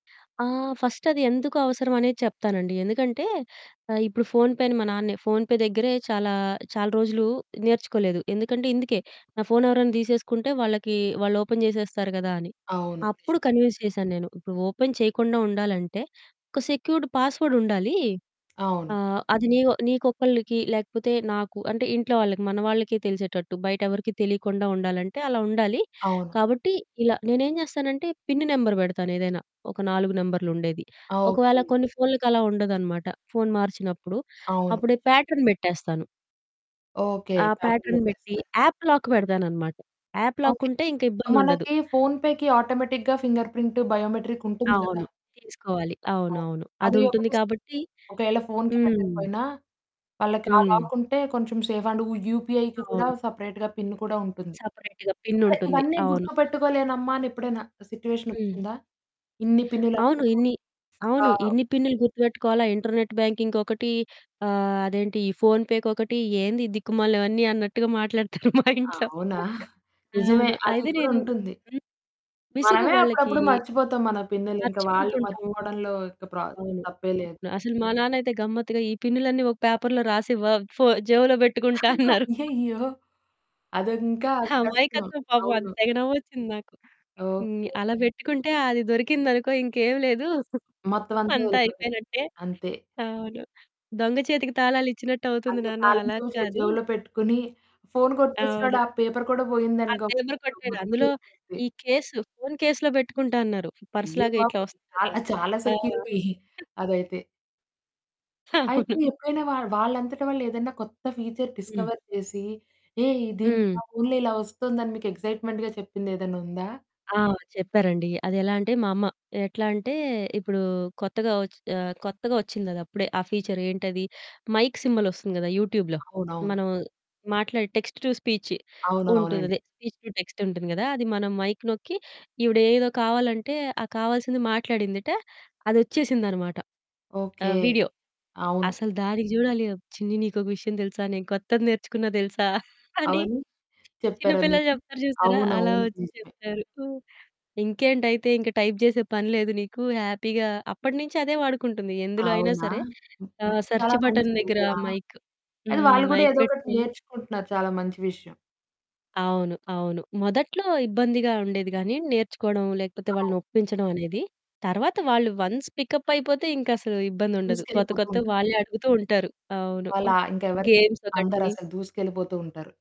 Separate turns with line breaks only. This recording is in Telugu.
ఆ! ఫస్ట్ అది ఎందుకు అవసరం అనేది చెప్తానండి. ఎందుకంటే, ఆ ఇప్పుడు ఫోన్‌ పేని మా నాన్నే ఫోన్‌పే దగ్గరే చాలా చాలా రోజులు నేర్చుకోలేదు. ఎందుకంటే ఇందుకే, "నా ఫోను ఎవరైనా తీసేసుకుంటే వాళ్ళకి వాళ్ళు ఓపెన్ చేసేస్తారు గదా!" అని.
అవును
అప్పుడు కన్విన్స్ చేశాను నేను. ఇప్పుడు ఓపెన్ చేయకుండా ఉండాలంటే ఒక సెక్యూర్డ్ పాస్వర్డ్ ఉండాలి.
అవును.
ఆ! అది నీయో నీకొక్కళ్ళకి లేకపోతే నాకు అంటే ఇంట్లో వాళ్ళకి మన వాళ్ళకి తెలిసేటట్టు బయట ఎవరికీ తెలియకుండా ఉండాలంటే, అలా ఉండాలి.
అవును.
కాబట్టి ఇలా నేను ఏం చేస్తానంటే పిన్ నెంబర్ పెడతాను. ఏదైనా ఒక 4 నెంబర్లు ఉండేది. ఒకవేళ
ఓకే.
కొన్ని ఫోన్లకి అలా ఉండదనమాట, ఫోను మార్చినప్పుడు
అవును.
అప్పుడే ప్యాటర్న్ పెట్టేస్తాను.
ఓకె,
ఆ!
పాటర్న్
ప్యాటర్న్ పెట్టి,
పెట్టేస్తారా?
యాప్ లాక్ పెడతాననమాట. App
okay.
లాకుంటే ఇంక ఇబ్బందుండదు.
మనకి ఫోన్‌పేకి ఆటోమేటిక్‌గా ఫింగర్ ప్రింటు, బయోమెట్రిక్ ఉంటుంది గదా!
అవును, తీసుకోవాలి.
అవును.
అవునవును. అది
అది
ఉంటుంది
ఒకటి స్
కాబట్టి
ఒకవేళ ఫోనుకి
హ్మ్.
పెట్టకపోయినా వాళ్ళకి ఆ
హ్మ్.
లాక్ ఉంటే కొంచెం సేఫ్ అండ్ యూ యూపీఐకి కూడా
అవును.
సెపరేట్‌గా పిన్ కూడా ఉంటుంది.
సెపరేట్‌గా పిన్
అదే
ఉంటుంది.
ఇవన్నీ
అవును.
గుర్తుపెట్టుకోలేనమ్మా అని ఎప్పుడైనా
హ్మ్.
సిట్యుయేషనోచ్చిందా? ఇన్ని పిన్నులు
అవును
ఎందుకు?
ఇన్ని
ఆ!
అవును ఇన్ని పిన్నులు గుర్తుపెట్టుకోవాలా ఇంటర్నెట్ బ్యాంకింగ్‌కి ఒకటి ఆహ్, అదేంటి ఈ ఫోన్ పేకి ఒకటి "ఏంది దిక్కుమాలి అవన్నీ" అన్నట్టుగా మాట్లాడుతారు. మా
ఆ!
ఇంట్లో,
అవునా? నిజమే
అవును.
అది
అయితే
కూడా
నేను
ఉంటుంది.
హ్మ్, విసుగు
మనమే
వాళ్ళకి
అప్పుడప్పుడు మర్చిపోతాం. మన పిన్నులు ఇంక వాళ్ళు
మర్చిపోతుంటాము.
మర్చిపోవడంలో ఇక ప్ర
అవును.
తప్పే లేదు.
అసలు మా నాన్నైతే గమ్మత్తుగా ఈ పినులన్నీ ఒక పేపర్‌లో రాసివ్వ ఫో జేబులో పెట్టుకుంటా అన్నారు.
అయ్యయ్యో! అది ఇంకా కష్టం.
అమాయకత్వం పాపం. అది
అవును.
తెగ నవ్వోచ్చింది నాకు. హ్మ్,
ఓకే.
అలా పెట్టుకుంటే అది దొరికిందనుకో ఇంకేమి లేదు.
మొత్తం అంతా
అంతా
వెళ్ళిపోతది.
అయిపోయినట్టే.
అంతే.
అవును, దొంగ చేతికి తాళాలిచ్చినట్టు అవుతుంది
అంతే
నాన్న
తాళం
అలా
చెవి జే
కాదు.
జేబులో పెట్టుకొని ఫోను కొట్టేసినాడు.
అవును.
ఆ పేపర్ కూడా
ఆ!
పోయిందనుకో,
దేన్నో
ఆ
కొట్టాడు.
మొత్తం
అందులో
ఎళ్లిపోతాది.
ఈ కేసు, ఫోన్ కేస్‌లో పెట్టుకుంటా అన్నారు. పర్స్
అయ్యో
లాగా ఇట్లా
బాబోయ్!
వస్తుంది కదా!
చాల్ చాలా
ఆ!
సెక్యూరిటీ అదైతే. అయితే
అవును.
ఎప్పుడైనా వాళ్ వాళ్ళంతట వాళ్ళు ఏదైనా కొత్త ఫీచర్
హ్మ్.
డిస్కవర్ చేసి, "ఏ దీని నా
హ్మ్.
ఫోనులో ఇలా వస్తుందని" మీకు ఎక్సైట్మెంట్‌గా చెప్పింది ఏదన్నా ఉందా?
ఆ! చెప్పారండి. అదేలా అంటే మా అమ్మ, ఎట్లా అంటే ఇప్పుడు కొత్తగా వచి కొత్తగా ఓచ్చిందది అప్పుడే ఆ ఫీచర్ ఏంటది? మైక్ సింబలొస్తుంది గదా! యూట్యూబ్‌లో
అవునవును.
మనం మాట్లాడే టెక్స్ట్ టు స్పీచ్
అవునవునండీ.
ఉంటుందదే. స్పీచ్ టు టెక్స్ట్ ఉంటుంది గదా! అది మనం మైక్ నొక్కి "ఈవిడ ఏదో కావాలంటే ఆ కావాల్సింది మాట్లాడిందట, అది ఓచ్చేసింది అనమాట."
ఓకె.
ఆహ్, వీడియో.
అవును.
అసలు దానికి చూడాలి "చిన్ని నీకొక విషయం తెలుసా? నేను కొత్తది నేర్చుకున్నా తెలుసా?" అని
అవన్నీ
చిన్న
చెప్పారా
పిల్లలు
మీకు?
చెప్తారు చూసారా?
అవును.
అలా
అవును.
వచ్చి
నిజమే.
చెప్పారు. "ఇంకేంటైతే ఇంక టైప్ చేసే పని లేదు నీకు హ్యాపీగా" అప్పటినుంచి అదే వాడుకుంటుంది. ఎందులో అయినా
అవునా!
సరే
హుహు,
ఆహ్, సెర్చ్
చాలా
బటన్ దగ్గర
మంచిగుంది. ఆ!
మైక్
అది
హ్మ్
వాళ్ళు కూడా
మైక్
ఏదో ఒకటి
పెట్టుకొని
నేర్చుకుంటున్నారు చాలా మంచి విషయం.
అవును, అవును. మొదట్లో ఇబ్బందిగా ఉండేది గాని నేర్చుకోవడం లేకపోతే వాళ్ళని
అవును.
ఒప్పించడం అనేది. తర్వాత వాళ్ళు వన్స్ పిక్ యాప్ అయిపోతే ఇంక అసలు ఇబ్బంది
ద
ఉండదు. కొత్త
దూసుకెళ్ళిపోతూ
కొత్తవి
ఉంటారు.
వాళ్ళే అడుగుతూ ఉంటారు. అవును అ
వాళ్ళా ఇంక ఎవరికీ
గేమ్స్ ఒకటి
అందరసలు దూసుకెళ్ళిపోతుంటారు.